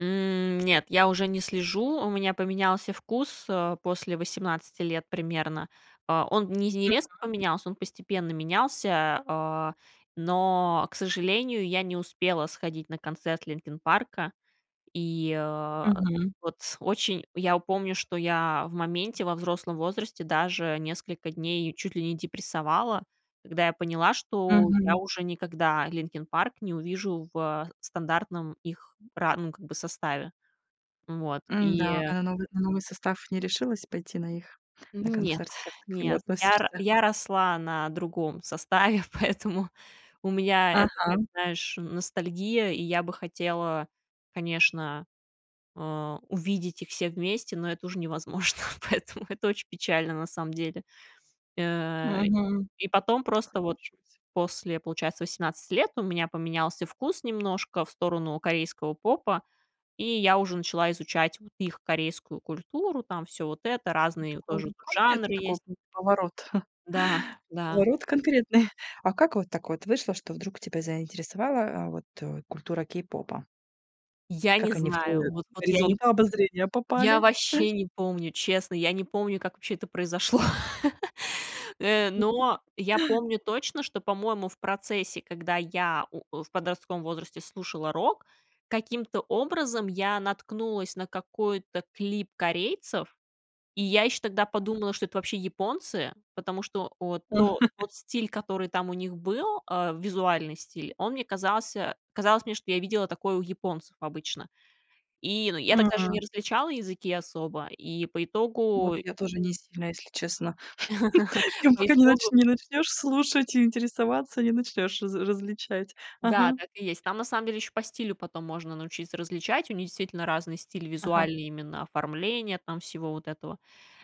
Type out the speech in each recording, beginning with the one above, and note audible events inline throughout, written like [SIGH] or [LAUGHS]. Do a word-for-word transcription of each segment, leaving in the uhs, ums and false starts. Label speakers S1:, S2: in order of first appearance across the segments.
S1: М, нет, я уже не слежу, у меня поменялся вкус, э, после восемнадцати лет примерно. Э, он не не резко
S2: Мгм.
S1: поменялся, он постепенно менялся, а, но, к сожалению, я не успела сходить на концерт "Линкин Парка". И, а,
S2: Мгм.
S1: вот очень я помню, что я в моменте, во взрослом возрасте даже несколько дней чуть ли не депрессовала, когда я поняла, что я
S2: Мгм.
S1: уже никогда "Линкин Парк" не увижу в стандартном их ра ну, как бы, составе. М, вот и
S2: М-да, а на новый на новый состав не решилась пойти на их, на
S1: М, нет,
S2: концерт? Как ты к нему
S1: нет. Я р
S2: относишься?
S1: я росла на другом составе, поэтому у меня это, как
S2: Ага.
S1: знаешь, н ностальгия, и я бы хотела, конечно, а, увидеть их все вместе, но это уже невозможно, поэтому это очень печально на самом деле. Э,
S2: Мгм,
S1: и потом просто вот
S2: соглашусь.
S1: после, получается, восемнадцати лет, ну, у меня поменялся вкус немножко в сторону корейского попа, и я уже начала изучать вот их корейскую культуру, там всё вот это.
S2: Ну,
S1: Разные
S2: такой,
S1: тоже
S2: ну
S1: тут
S2: конкретный,
S1: жанры есть
S2: такой был поворот. [CHUCKLES]
S1: Да, да.
S2: Поворот конкретный. [CHUCKLES] А как вот так вот вышло, что вдруг тебя заинтересовала, а, вот, э, культура кей-попа?
S1: Я не
S2: Как они в
S1: знаю,
S2: твой
S1: вот вот я не
S2: горизонт обозрения
S1: я
S2: попали? [CHUCKLES]
S1: ваще не помню, честно. Я не помню, как вообще это произошло. [CHUCKLES] Э, но
S2: [CHUCKLES]
S1: я помню точно, что, по-моему, в процессе, когда я, у, э, в подростковом возрасте слушала рок, каким-то образом я наткнулась на какой-то клип корейцев, и я ещё тогда подумала, что это вообще японцы. Потому что, вот то
S2: [CHUCKLES]
S1: тот стиль, который там у них был, а, визуальный стиль, он мне казался казалось мне, что я видела такое у японцев обычно. И, ну, я тогда же не
S2: М.
S1: различала языки особо, и по
S2: Ну вот
S1: итогу.
S2: я тоже не сильно, если честно. [LAUGHS]
S1: [LAUGHS]
S2: Им
S1: По
S2: пока не
S1: итогу
S2: начн не начнёшь слушать и интересоваться, не начнёшь раз различать.
S1: Да,
S2: Ага.
S1: так и есть. Там на самом деле ещё по стилю потом можно научиться различать. У них действительно разные стили,
S2: Ага.
S1: визуальные именно, оформление там всего вот этого.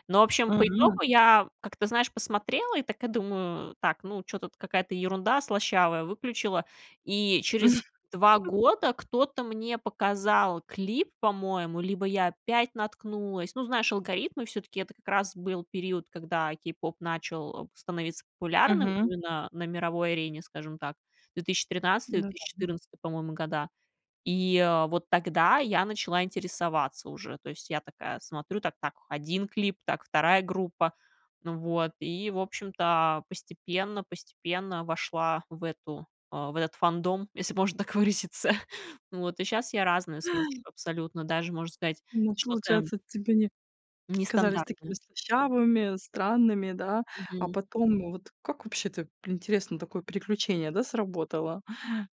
S1: Но, в общем, по
S2: Мгм.
S1: итогу я как-то, знаешь, посмотрела и такая думаю: "Так, ну, чё-то тут какая-то ерунда слащавая", выключила, и через два
S2: [CHUCKLES]
S1: года кто-то мне показал клип, по-моему, либо я опять наткнулась. Ну, знаешь, алгоритмы всё-таки. Это как раз был период, когда k-pop начал, э, становиться популярным
S2: Мгм.
S1: именно на мировой арене, скажем так, две тысячи тринадцатый две
S2: Да-да,
S1: тысячи
S2: м.
S1: четырнадцатый, по-моему, года. И, э, вот тогда я начала интересоваться уже. То есть я такая смотрю: "Так так, один клип, так, вторая группа". Ну вот, и, в общем-то, постепенно постепенно вошла в эту, а, в этот фандом, если можно так выразиться. Вот и щас я разные слушаю абсолютно. Даже можно сказать,
S2: Ну,
S1: что-то
S2: получается, тебе они казались такими
S1: нестандартное.
S2: слащавыми, странными, да? А
S1: Мгм.
S2: потом вот как вообще, ты интересно, такое переключение, да, сработало.